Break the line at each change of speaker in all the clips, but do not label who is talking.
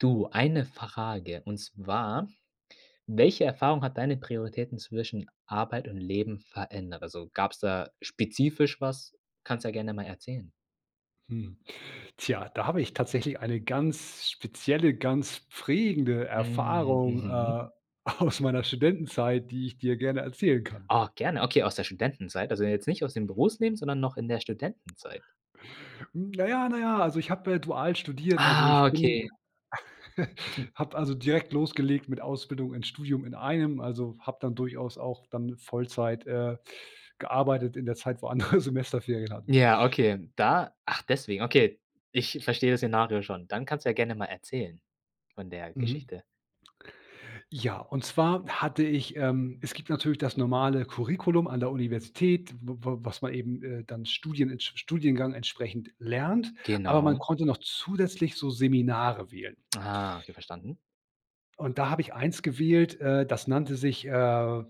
Du, eine Frage, und zwar: Welche Erfahrung hat deine Prioritäten zwischen Arbeit und Leben verändert? Also gab's da spezifisch was? Kannst ja gerne mal erzählen.
Hm. Tja, da habe ich tatsächlich eine ganz spezielle, ganz prägende
Mhm.
Erfahrung,
Mhm.
äh, aus meiner Studentenzeit, die ich dir gerne erzählen kann.
Ah, gerne. Okay, aus der Studentenzeit, also jetzt nicht aus dem Berufsleben, sondern noch in der Studentenzeit.
Hm, na ja na ja, also ich habe, äh, dual studiert. Also
Ah,
ich bin
okay.
habe also direkt losgelegt mit Ausbildung und Studium in einem, also habe dann durchaus auch dann Vollzeit, äh, gearbeitet in der Zeit, wo andere Semesterferien hatten.
Ja, okay. Da ach, deswegen, okay, ich ich verstehe das Szenario schon. Dann kannst du ja gerne mal erzählen von der
Mhm.
Geschichte.
Ja, und zwar hatte ich ähm, es gibt natürlich das normale „Curriculum“ an der Universität, w w was man eben, äh, dann studienentsp studiengangsentsprechend lernt, aber man
Genau.
konnte noch zusätzlich so Seminare wählen.
Ah, okay, verstanden.
Und da habe ich eins gewählt, äh, das nannte sich, äh,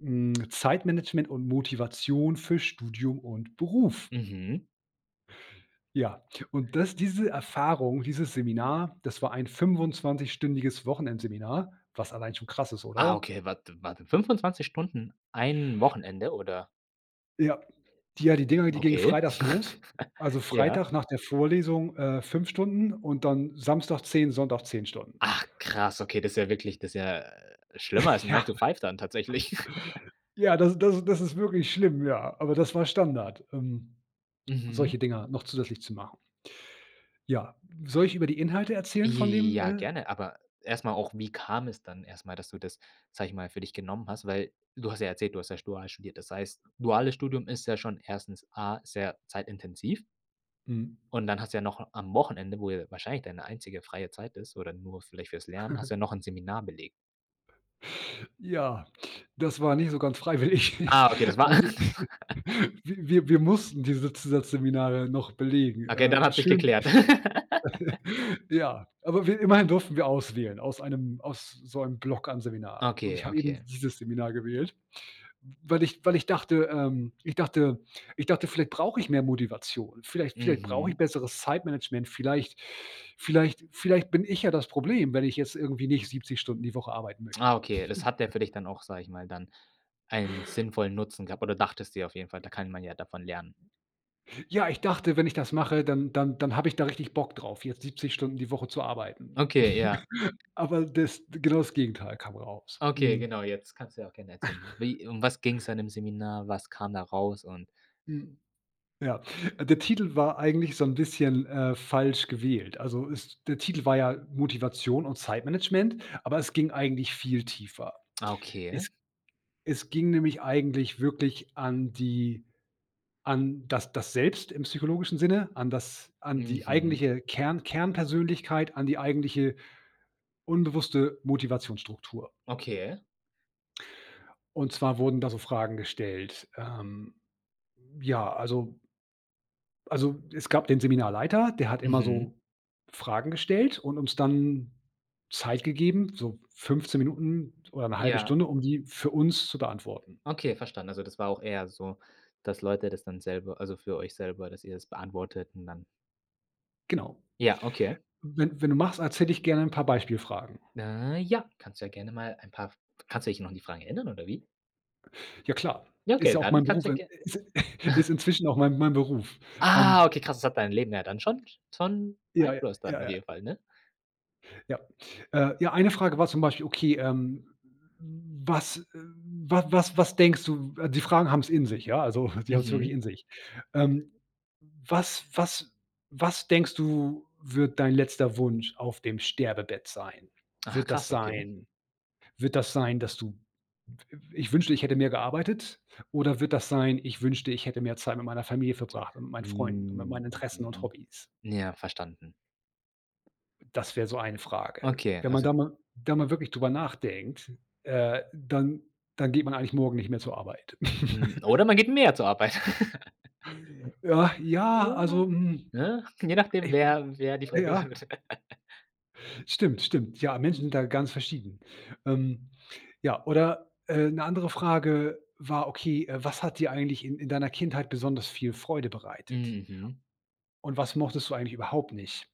hm, Zeitmanagement und Motivation für Studium und Beruf.
Mhm.
Ja, und das diese Erfahrung, dieses Seminar, das war ein fünfundzwanzigstündiges Wochenendseminar, was allein schon krass ist,
Ah,
oder?
okay, warte, warte. 25 Stunden? Ein Wochenende, oder?
Ja. Die ja, die Dinger, die gingen
Okay.
freitags los. Also
Ja.
Freitag nach der Vorlesung, äh, 5 Stunden und dann Samstag 10, Sonntag 10 Stunden.
Ach, krass! Okay, das ist ja wirklich das ist ja schlimmer als ein
Ja.
Nine-to-five dann tatsächlich.
Ja, das das ist das ist das ist wirklich schlimm, ja. Aber das war Standard, ähm,
Mhm.
solche Dinger noch zusätzlich zu machen. Ja. Soll ich über die Inhalte erzählen von dem,
Ja,
äh
gerne. Aber erstmal auch, wie kam es dann erstmal, dass du das, sage ich mal, für dich genommen hast? Weil, du hast ja erzählt, du hast ja sch dual studiert. Das heißt, duales Studium ist ja schon 1. A, sehr zeitintensiv
Mhm.
und dann hast du ja noch a am Wochenende, wo ja wahrscheinlich deine einzige freie Zeit ist oder nur vielleicht fürs Lernen hast du ja noch ein Seminar belegt.
Ja, das war nicht so ganz freiwillig.
Ah, okay, das war
Also,
alles?
wi wir wir mussten diese Zusatzseminare noch belegen,
Okay, dann
äh,
hat sich
schön
geklärt?
Ja, aber wir immerhin durften wir auswählen, aus einem aus so einem Bock an Seminaren. Und
Okay,
ich habe eben
okay.
dieses Seminar gewählt, weil ich weil ich dachte ähm, ich dachte ich dachte, vielleicht brauche ich mehr Motivation. Vielleicht vielleicht brauche ich
Mhm.
besseres Zeitmanagement. Vielleicht vielleicht vielleicht bin ich ja das Problem, wenn ich jetzt irgendwie nicht 70 Stunden die Woche arbeiten möchte.
Ah, okay, das hat der für dich dann auch, sage ich mal dann einen sinnvollen Nutzen gehabt, oder dachtest dir auf jeden Fall, da kann man ja davon lernen.
Ja, ich dachte, wenn ich das mache, dann dann dann habe ich da richtig Bock drauf, jetzt 70 Stunden die Woche zu arbeiten.
Okay, ja.
Aber das genau das Gegenteil kam raus.
Okay,
Mhm.
genau, jetzt kannst du ja auch gerne erzählen. Wie um was ging es in dem Seminar? Was kam da raus? Und
Hm, ja, äh, der Titel war eigentlich so 'n bisschen, äh, falsch gewählt. Also ist der Titel war ja Motivation und Zeitmanagement, aber es ging eigentlich viel tiefer.
Ah, okay.
Es es ging nämlich eigentlich wirklich an die an das das Selbst im psychologischen Sinne, an das an die
Mhm.
eigentliche Kern Kernpersönlichkeit, an die eigentliche unbewusste Motivationsstruktur.
Okay.
Und zwar wurden da so Fragen gestellt. Ähm, ja, also also, es gab den Seminarleiter. Der hat immer
Mhm.
so Fragen gestellt und uns dann Zeit gegeben, so 15 Minuten oder 1/2
Ja.
Stunde, um die für uns zu beantworten.
Okay, verstanden. Also, das war auch eher so, dass Leute das dann selber also für euch selber, dass ihr das beantwortet und dann
Genau.
Ja, okay.
Wenn wenn du magst, erzähle ich gerne 'n paar Beispielfragen.
Äh, ja, kannst du ja gerne mal ein paar f kannst du dich noch an die Frage erinnern, oder wie?
Ja klar.
Ja,
Ist
okay,
ja auch
dann
mein
kannst
Beruf,
du ja
in
ger
is ist inzwischen auch mein mein Beruf,
Ah,
ähm.
okay, krass. Das hat deinem Leben ja dann schon schon
Ja, ja,
Einfluss dann
ja,
auf
ja.
jeden Fall ne?
Ja, äh, ja eine Frage war zum Beispiel: „Okay, ähm, was w wa was was denkst du?" Die Fragen haben es in sich, ja, also, die haben es wirklich
Mhm.
in sich. Ähm. „Was was was denkst du, wird dein letzter Wunsch auf dem Sterbebett sein?
Ach,
Wird das
krass, okay.
sein wird das sein, dass du, i ich wünschte, ich hätte mehr gearbeitet? Oder wird das sein, ich wünschte, ich hätte mehr Zeit mit meiner Familie verbracht und mit meinen Freunden und mit meinen Interessen und
Mhm.
Hobbys?"
Ja, verstanden.
Das wäre so eine Frage.
Okay,
Wenn man
also
da mal da mal wirklich darüber nachdenkt, äh, dann dann geht man eigentlich morgen nicht mehr zur Arbeit.
Hm, oder man geht mehr zur Arbeit.
Ja, ja, also hm.
Ne, je nachdem,
Ich [unintelligible]
wer wer die
äh,
Frage
ja.
beantwortet.
Stimmt, stimmt. Ja, Menschen sind da ganz verschieden. Ähm, ja, oder, äh, 'ne andere Frage war, okay, äh, was hat dir eigentlich in in deiner Kindheit besonders viel Freude bereitet?
Hm, mhm.
Und was mochtest du eigentlich überhaupt nicht?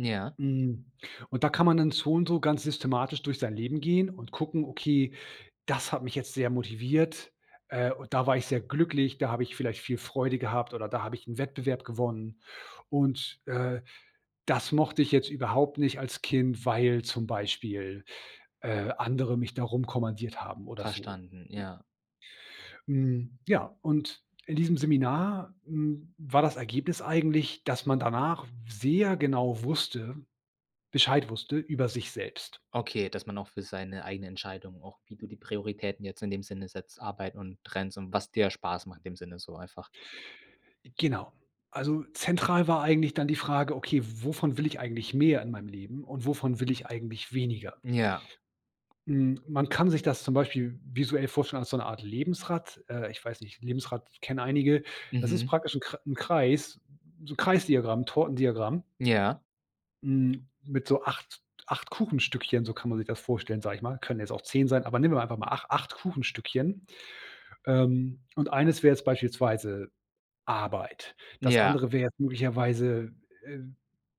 Ja.
Hm, und da kann man dann so und so ganz systematisch durch sein Leben gehen und gucken: „Okay, das hat mich jetzt sehr motiviert. Äh, und da war ich sehr glücklich. Da habe ich vielleicht viel Freude gehabt, oder da habe ich 'n Wettbewerb gewonnen. Und, äh, das mochte ich jetzt überhaupt nicht als Kind, weil zum Beispiel, äh, andere mich da rumkommandiert haben oder so.“
Verstanden, ja.
Hm, ja, und in diesem Seminar, hm, war das Ergebnis eigentlich, dass man danach sehr genau wusste Bescheid wusste über sich selbst.
Okay, dass man auch für seine eigene Entscheidung auch, wie du die Prioritäten jetzt in dem Sinne setzt, Arbeit und trennst und was dir Spaß macht im Sinne so einfach.
Genau. Also zentral war eigentlich dann die Frage, okay: „Wovon will ich eigentlich mehr in meinem Leben und wovon will ich eigentlich weniger?“
Ja.
Hm, man kann sich das zum Beispiel visuell vorstellen als so 'ne Art Lebensrad, äh, ich weiß nicht, Lebensrad kennen einige. Das ist
Mhm.
praktisch 'n Kre 'n Kreis so Kreis-Diagramm, Tortendiagramm.
Ja.
Hm, mit so 8- acht Kuchenstückchen, so kann man sich das vorstellen, sage ich mal. Können jetzt auch 10 sein, aber nehmen wir einfach mal ach acht Kuchenstückchen. Ähm, und eines wäre jetzt beispielsweise Arbeit. Das
Ja.
andere wäre möglicherweise, äh,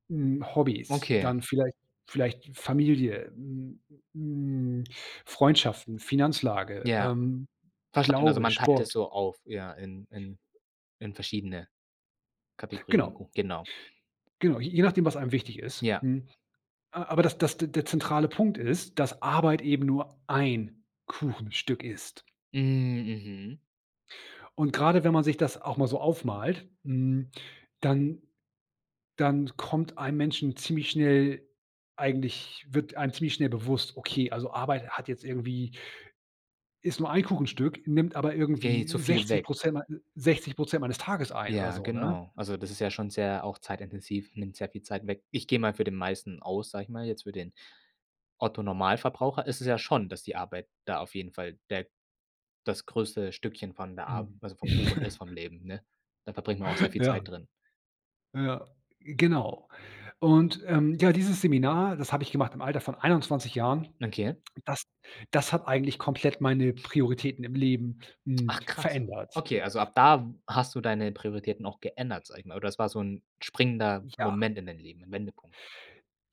hm, Hobbys.
Okay.
Dann vielleicht vielleicht Familie, hm hm, Freundschaften, Finanzlage,
Ja.
ähm,
Verstanden. Also
Glaube,
man teilt das
Sport.
so auf, ja, in in in verschiedene Kategorien den
Genau.
Kuch genau.
Genau, j je nachdem, was einem wichtig ist,
Ja.
mhm. A aber das das de der zentrale Punkt ist, dass Arbeit eben nur ein Kuchenstück ist.
Hm, mhm.
Und, gerade wenn man sich das auch mal so aufmalt, hm, dann dann kommt einem Menschen ziemlich schnell eigentlich wird einem ziemlich schnell bewusst: „Okay, also Arbeit hat jetzt irgendwie“ „ist nur ein Kuchenstück, nimmt aber
Gehen
irgendwie
zu viel
sechzig
weg.
Prozent mein 60 % meines Tages ein“ oder
Ja,
so, ne?
genau. Also, das ist ja schon sehr auch zeitintensiv, nimmt sehr viel Zeit weg. Ich gehe mal für den meisten aus, sage ich mal, jetzt für den Otto Normalverbraucher ist es ja schon, dass die Arbeit da auf jeden Fall der das größte Stückchen von der Arb
Mhm.
also vom Kuchen ist vom Leben, ne? Da verbringt man auch sehr viel
Ja.
Zeit drin.
Ja, genau. Und, ähm, ja, dieses Seminar, das habe ich gemacht im Alter von 21 Jahren.
Okay.
Das das hat eigentlich komplett meine Prioritäten im Leben, hm,
Ach, krass.
verändert.
Okay, also ab da w hast du deine Prioritäten auch geändert, sage ich mal, oder es war so 'n springender
Ja.
Moment in dein Leben, 'n Wendepunkt?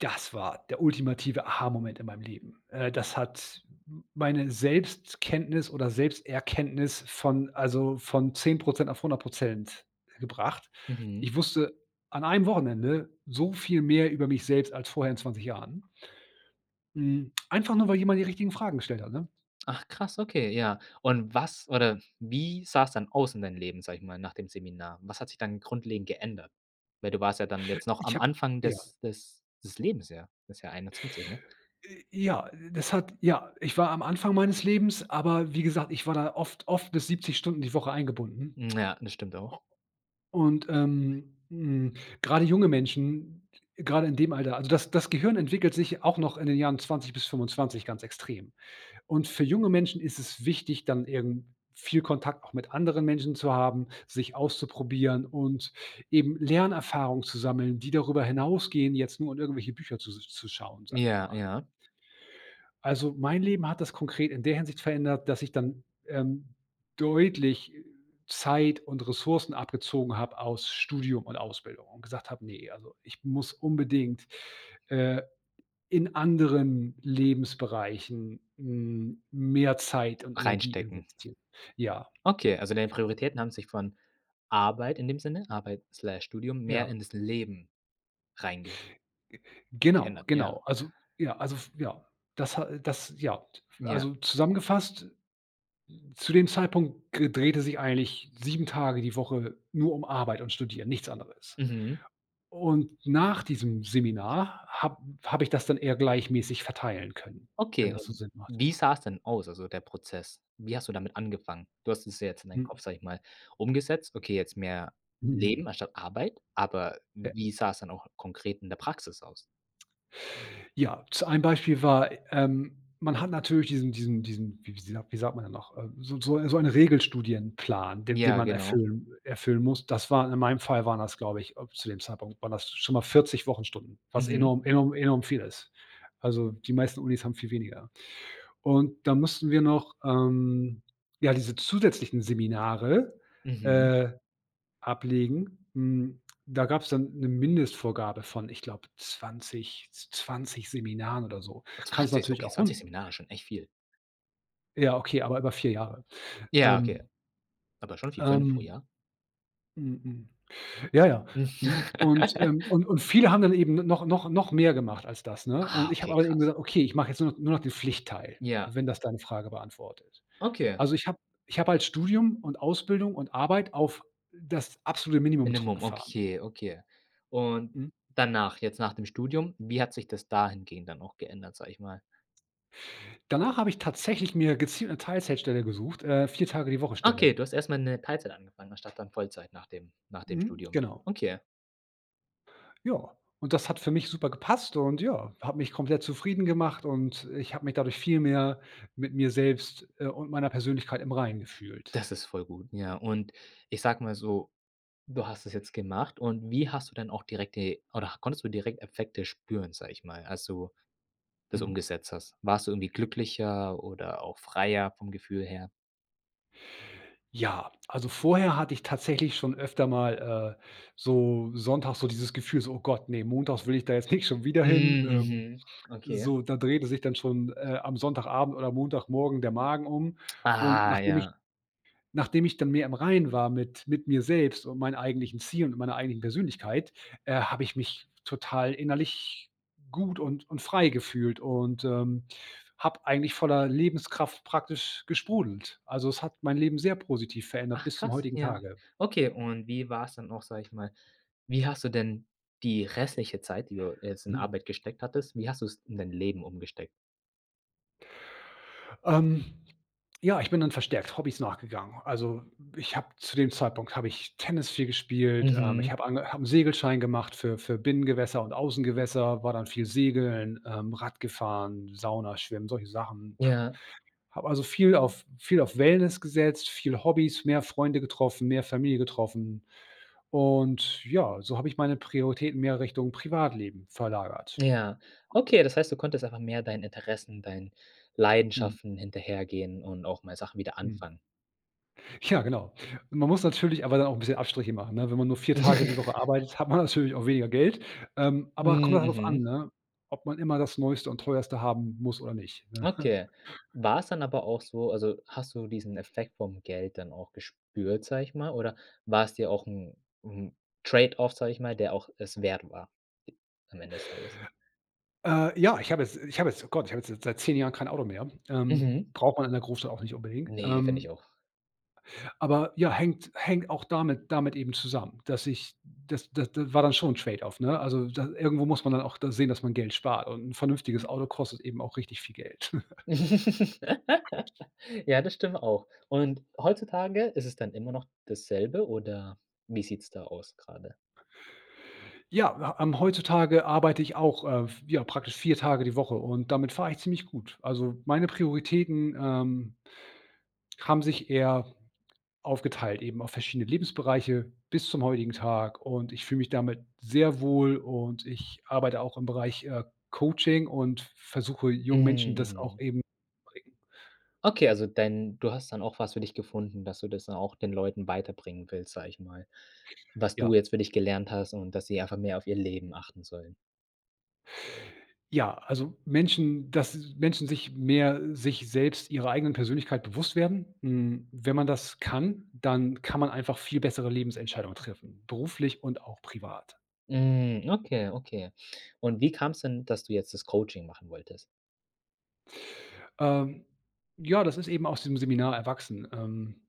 Das war der ultimative Aha-Moment in meinem Leben. Äh, das hat m meine Selbstkenntnis oder Selbsterkenntnis von also von 10 % auf 100 % gebracht.
Mhm.
Ich wusste an einem Wochenende so viel mehr über mich selbst als vorher in 20 Jahren. Hm, einfach nur, weil jemand die richtigen Fragen gestellt hat, ne?
Ach, krass, okay, ja. Und was oder wie sah's dann aus in deinem Leben, sage ich mal, nach dem Seminar? Was hat sich dann grundlegend geändert? Weil du warst ja dann jetzt noch
Ich
am
habe
Anfang
ja.
des des des Lebens, ja, das ja 21, ne?
Äh, ja, das hat ja, ich war am Anfang meines Lebens, aber wie gesagt, ich war da oft oft bis 70 Stunden die Woche eingebunden.
Mhm, ja, das stimmt auch.
Und, ähm, hm, gerade junge Menschen, gerade in dem Alter also das das Gehirn entwickelt sich auch noch in den Jahren 20 bis 25 ganz extrem. Und, für junge Menschen ist es wichtig, dann eben viel Kontakt auch mit anderen Menschen zu haben, sich auszuprobieren und eben Lernerfahrung zu sammeln, die darüber hinausgehen, jetzt nur in irgendwelche Bücher zu s zu schauen, sage ich
Ja,
mal.
ja.
Also, mein Leben hat das konkret in der Hinsicht verändert, dass ich dann, ähm, deutlich Zeit und Ressourcen abgezogen habe aus Studium und Ausbildung und gesagt habe: „Ne, also ich muss unbedingt, äh, in anderen Lebensbereichen, hm, mehr Zeit und Energie
Reinstecken.
investieren.“ Ja.
Okay, also deine Prioritäten haben sich von Arbeit in dem Sinne, Arbeit Slash Studium mehr
Ja.
in das Leben reinge
Genau.
geändert, ja.
Genau. Also. Ja. Also f ja, das ha äh, das ja.
Ja.
Also zusammengefasst, zu dem Zeitpunkt g drehte sich eigentlich 7 Tage die Woche nur um Arbeit und Studieren, nichts anderes.
Mhm.
Und, nach diesem Seminar hab habe ich das dann eher gleichmäßig verteilen können, wenn
Okay,
das so
und
Sinn macht.
wie sah's denn aus, also der Prozess? Wie hast du damit angefangen? Du hast es jetzt in deinen
Mhm.
Kopf, sage ich mal, umgesetzt. Okay, jetzt mehr
Mhm.
Leben anstatt Arbeit, aber
Ja.
wie sah es dann auch konkret in der Praxis aus?
Ja, z ein Beispiel war, ähm, man hat natürlich diesen diesen diesen, wie wie sa wie sagt man denn noch, ähm, so 'n so eine so einen Regelstudienplan, den den
Ja,
man
genau.
erfüllen erfüllen muss. Das war in meinem Fall waren das, glaube ich, äh, zu dem Zeitpunkt waren das schon mal 40 Wochenstunden, was
Mhm.
enorm enorm enorm viel ist. Also, die meisten Unis haben viel weniger. Und dann mussten wir noch, ähm, ja, diese zusätzlichen Seminare,
Mhm.
äh, ablegen. Hm, da gab's dann 'ne Mindestvorgabe von ich glaube 20- 20 Seminaren oder so. Kann es
20?
natürlich
Okay,
auch
20
hun
Seminare ist schon echt viel.
Ja, okay, aber über 4 Jahre.
Ja, okay.
Ähm.
Aber schon 4, 5 pro
Ähm.
Jahr?
Mhm, mhm. Ja, ja. Mhm. Und, ähm, und und viele haben dann eben n noch noch noch mehr gemacht als das, ne?
Ah
Und ich habe
okay,
aber eben
krass.
gesagt: „Okay, ich mache jetzt nur noch nur noch den Pflichtteil“,
Ja.
wenn das deine Frage beantwortet.
Okay.
Also ich habe ich habe als Studium und Ausbildung und Arbeit auf das absolute Minimum
Minimum,
zurückgefahren.
okay, okay. Und
Mhm.
danach, jetzt nach dem Studium, wie hat sich das da hingehend dann auch geändert, sage ich mal?
Danach habe ich tatsächlich mir gezielt 'ne Teilzeitstelle gesucht, äh, 4 Tage die Woche Stelle.
Okay, du hast erst mal 'ne Teilzeit angefangen, anstatt dann Vollzeit nach dem nach dem
Mhm.
Studium.
Genau.
Okay.
Ja, und das hat für mich super gepasst und, ja, hat mich komplett zufrieden gemacht und ich habe mich dadurch viel mehr mit mir selbst, äh, und meiner Persönlichkeit im Reinen gefühlt.
Das ist voll gut, ja. Und ich sage mal so, du hast das jetzt gemacht und wie hast du denn auch direkte oder konntest du direkt Effekte spüren, sage ich mal, als du das
Mhm.
umgesetzt hast? Warst du irgendwie glücklicher oder auch freier vom Gefühl her?
Ja, also vorher hatte ich tatsächlich schon öfter mal, äh, so sonntags so dieses Gefühl so: „Oh Gott, ne, montags will ich da jetzt nicht schon wieder
Hm.
hin, ähm.
Mhm. Okay.
So, da drehte sich dann schon, äh, am Sonntagabend oder Montagmorgen der Magen um und
Ah,
nachdem ich
ja.
nachdem ich dann mehr im Reinen war mit mit mir selbst und meinen eigentlichen Ziel und meiner eigenen Persönlichkeit, äh, habe ich mich total innerlich gut und und frei gefühlt und, ähm, habe eigentlich voller Lebenskraft praktisch gesprudelt. Also, es hat mein Leben sehr positiv verändert
Ach
bis zum
krass,
heutigen
ja,
Tage.
okay. Und wie war es dann auch, sage ich mal wie hast du denn die restliche Zeit, die du jetzt in
Mhm.
Arbeit gesteckt hattest wie hast du es in dein Leben umgesteckt?
Ähm, ja, ich bin dann verstärkt Hobbys nachgegangen. Also, ich habe zu dem Zeitpunkt habe ich Tennis viel gespielt, ähm, ich
Mhm.
habe ange habe 'n Segelschein gemacht für für Binnengewässer und Außengewässer, war dann viel Segeln, ähm, Radgefahren, Sauna, Schwimmen, solche Sachen.
Ja.
Habe also viel auf viel auf Wellness gesetzt, viel Hobbys, mehr Freunde getroffen, mehr Familie getroffen. Und ja, so habe ich meine Prioritäten mehr Richtung Privatleben verlagert.
Ja. Okay, das heißt, du konntest einfach mehr deinen Interessen, deinen
Mhm.
Leidenschaften hinterhergehen und auch mal Sachen wieder
Hm.
anfangen.
Ja, genau. Man muss natürlich aber auch 'n bisschen Abstriche machen, ne? Wenn man nur 4 Tage die Woche arbeitet, hat man natürlich auch weniger Geld. Ähm, aber kommt
Mm,
dann halt drauf an,
mhm.
ne, ob man immer das neueste und teuerste haben muss oder nicht, ne?
Okay. War's dann aber auch so, also hast du diesen Effekt vom Geld dann auch gespürt, sage ich mal, oder war es dir auch 'n 'n Trade-Off, sage ich mal, der auch es wert, äh, war am Ende das Tages?
Äh, ja, ich habe jetzt ich habe jetzt oh Gott, ich habe jetzt jetzt seit 10 Jahren kein Auto mehr. Ähm,
Mhm.
braucht man in der Großstadt auch nicht unbedingt,
Ne, finde
ähm
ich auch.
aber ja, hängt hängt auch damit damit eben zusammen, dass ich das d d war dann schon 'n Trade-Off, ne, also da irgendwo muss man dann auch da sehen, dass man Geld spart und 'n vernünftiges Auto kostet eben auch richtig viel Geld.
Ja, das stimmt auch. Und, heutzutage ist es dann immer noch dasselbe oder wie sieht‘s da aus grade?
Ja, wa am heutzutage arbeite ich auch, äh, vi ja, praktisch 4 Tage die Woche und damit fahre ich ziemlich gut. Also, meine Prioritäten, ähm haben sich eher aufgeteilt, eben auf verschiedene Lebensbereiche bis zum heutigen Tag. Und, ich fühle mich damit sehr wohl und ich arbeite auch im Bereich, äh, Coaching und v versuche jungen Menschen
Mm,
das auch
mhm.
eben [unintelligible]
Okay, also dein du hast dann auch was für dich gefunden, dass du das dann auch den Leuten weiterbringen willst, sage ich mal, was du
Ja.
jetzt für dich gelernt hast und, dass sie einfach mehr auf ihr Leben achten sollen.
Ja, also Menschen dass Menschen sich mehr sich selbst ihrer eigenen Persönlichkeit bewusst werden. Hm, wenn man das kann, dann kann man einfach viel bessere Lebensentscheidungen treffen, beruflich und auch privat.
Hm, okay, okay. Und wie kam es denn, dass du jetzt das Coaching machen wolltest?
Ähm, ja, das ist eben aus dem Seminar erwachsen. Ähm,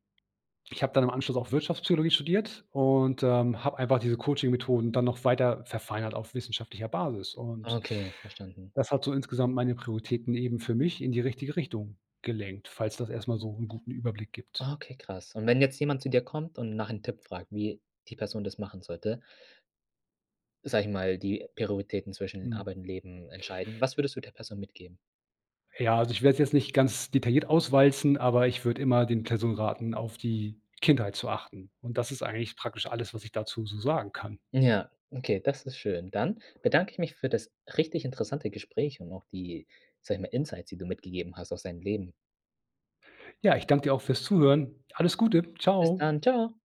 ich habe dann im Anschluss auch Wirtschaftspsychologie studiert und, ähm, habe einfach diese Coaching-Methoden dann noch weiter verfeinert auf wissenschaftlicher Basis und
Okay, verstanden.
das hat so insgesamt meine Prioritäten eben für mich in die richtige Richtung gelenkt, falls das erst mal so 'n guten Überblick gibt.
Okay, krass. Und wenn jetzt jemand zu dir kommt und nach 'nem Tipp fragt, wie die Person das machen sollte sage ich mal, die Prioritäten zwischen
Mhm.
Arbeit und Leben entscheiden. Was würdest du der Person mitgeben?
Ja. Also, ich werde es jetzt nicht ganz detailliert auswalzen, aber ich würde immer den Personen raten, auf die Kindheit zu achten. Und das ist eigentlich praktisch alles, was ich dazu so sagen kann.
Ja, okay, das ist schön. Dann bedanke ich mich für das richtig interessante Gespräch und auch die, sage ich mal Insights, die du mitgegeben hast aus deinem Leben.
Ja. Ich danke dir auch fürs Zuhören. Alles Gute.
Bis
Tschau.
dann. Tschau.